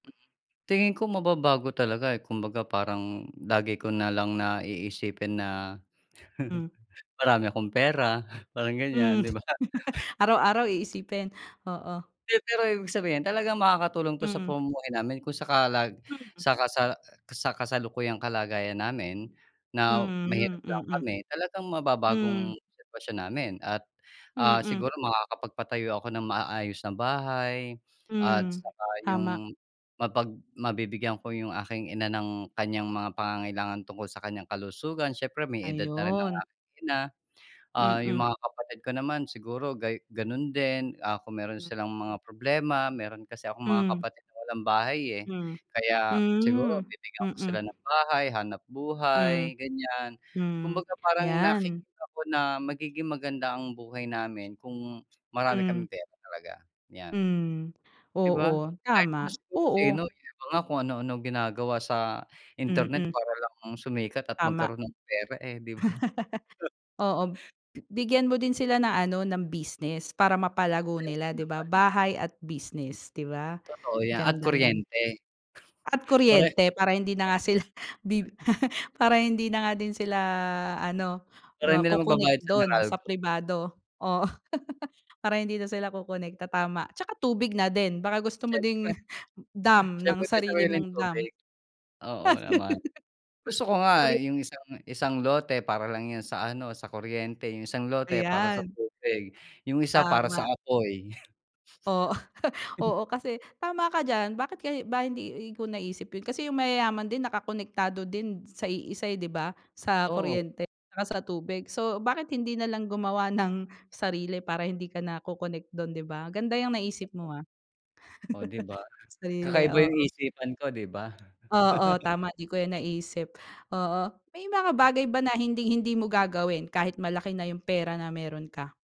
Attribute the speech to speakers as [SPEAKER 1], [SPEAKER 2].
[SPEAKER 1] Hmm. Tingin ko mababago talaga, eh, kumbaga parang lagi ko na lang na, iisipin na.
[SPEAKER 2] Hmm.
[SPEAKER 1] Marami akong pera, parang ganiyan,
[SPEAKER 2] Hmm.
[SPEAKER 1] 'di ba?
[SPEAKER 2] Araw-araw iisipin, oo.
[SPEAKER 1] Pe pero, ibig sabihin talagang makakatulong 'to sa
[SPEAKER 2] Mm.
[SPEAKER 1] pamumuhay namin. Kung sa kalag
[SPEAKER 2] Mhm.
[SPEAKER 1] saka sa sa kasalukuyang kalagayan namin na
[SPEAKER 2] Mhm,
[SPEAKER 1] mahirap lang
[SPEAKER 2] mm.
[SPEAKER 1] kami talagang
[SPEAKER 2] Hmm.
[SPEAKER 1] mababagong sitwasyon namin. At, ah,
[SPEAKER 2] Mm.
[SPEAKER 1] siguro makakapagpatayo ako ng maayos na bahay at
[SPEAKER 2] Hmm,
[SPEAKER 1] saka
[SPEAKER 2] tama.
[SPEAKER 1] 'yong mapag mabibigyan ko 'yong aking ina ng kanyang mga pangangailangan tungkol sa kanyang kalusugan, siyempre may edad na rin ng
[SPEAKER 2] Ayun.
[SPEAKER 1] aking ina. Ah, 'yong
[SPEAKER 2] Mm.
[SPEAKER 1] mga kapatid ko naman siguro gay gano'n din, ah, kung meron
[SPEAKER 2] M
[SPEAKER 1] silang mga problema, meron kasi akong mga
[SPEAKER 2] Hmm.
[SPEAKER 1] kapatid na walang bahay, eh,
[SPEAKER 2] Hmm.
[SPEAKER 1] kaya, siguro
[SPEAKER 2] Hmm,
[SPEAKER 1] bibigyan ko sila
[SPEAKER 2] mm.
[SPEAKER 1] ng bahay,
[SPEAKER 2] Hmm.
[SPEAKER 1] hanapbuhay ganiyan.
[SPEAKER 2] Hmm,
[SPEAKER 1] Kumbaga parang
[SPEAKER 2] 'yan.
[SPEAKER 1] nakikita ko na magiging maganda ang buhay namin kung marami
[SPEAKER 2] Hmm.
[SPEAKER 1] kaming pera talaga, 'yan.
[SPEAKER 2] Hmm.
[SPEAKER 1] 'Di ba,
[SPEAKER 2] Oo,
[SPEAKER 1] kahit naman
[SPEAKER 2] tama.
[SPEAKER 1] siguro sino,
[SPEAKER 2] Oo.
[SPEAKER 1] 'yong iba nga kung ano-ano ginagawa sa internet
[SPEAKER 2] Mm.
[SPEAKER 1] para lang sumikat at
[SPEAKER 2] Tama.
[SPEAKER 1] magkaroon ng pera, eh, 'di ba?
[SPEAKER 2] Oo, bigyan mo din sila ng ano, ng business para mapalago
[SPEAKER 1] Ay,
[SPEAKER 2] nila,
[SPEAKER 1] oo
[SPEAKER 2] 'di ba.
[SPEAKER 1] naman.
[SPEAKER 2] Bahay at
[SPEAKER 1] Hmm.
[SPEAKER 2] business, 'di ba,
[SPEAKER 1] Totoo 'yan at
[SPEAKER 2] ganda no'n.
[SPEAKER 1] kuryente.
[SPEAKER 2] At
[SPEAKER 1] Pareho Lalo
[SPEAKER 2] kuryente, para hindi na nga sila bi
[SPEAKER 1] na.
[SPEAKER 2] para hindi na nga din sila ano
[SPEAKER 1] Para hindi na
[SPEAKER 2] maco-connect
[SPEAKER 1] magbabayad sa
[SPEAKER 2] do'n sa
[SPEAKER 1] Meralco.
[SPEAKER 2] pribado, oo. Para hindi na sila ko-connect, ta tama, at saka tubig na din, baka gusto mo
[SPEAKER 1] Siyempre.
[SPEAKER 2] ding dam ng
[SPEAKER 1] Siyempre may
[SPEAKER 2] sarili
[SPEAKER 1] sariling
[SPEAKER 2] mong dam.
[SPEAKER 1] tubig. Oo naman, gusto ko
[SPEAKER 2] Ko
[SPEAKER 1] nga,
[SPEAKER 2] korek.
[SPEAKER 1] eh, 'yong isang isang lote para lang 'yon sa ano, sa kuryente, 'yong isang lote para sa
[SPEAKER 2] Ayan.
[SPEAKER 1] tubig, 'yong isa para sa
[SPEAKER 2] Tama.
[SPEAKER 1] apoy.
[SPEAKER 2] Oo, oo kasi tama ka diyan. Bakit kay ba, hindi ko naisip 'yon, kasi 'yong mayayaman din nakakonektado din sa iisa, eh, 'di ba, sa
[SPEAKER 1] Oo.
[SPEAKER 2] kuryente saka sa tubig. So, bakit hindi nalang gumawa ng sarili para hindi ka na co-connect do'n, 'di ba, ganda 'yang naisip
[SPEAKER 1] Kapu
[SPEAKER 2] mo, ah.
[SPEAKER 1] O, 'di ba.
[SPEAKER 2] Sarili,
[SPEAKER 1] Kakaiba 'yong
[SPEAKER 2] oo.
[SPEAKER 1] isipan ko, 'di ba?
[SPEAKER 2] Oo, tama 'di ko 'yan naisip. Oo, may mga
[SPEAKER 1] M
[SPEAKER 2] bagay ba na hinding-hindi mo gagawin kahit malaki na 'yong pera na meron ka?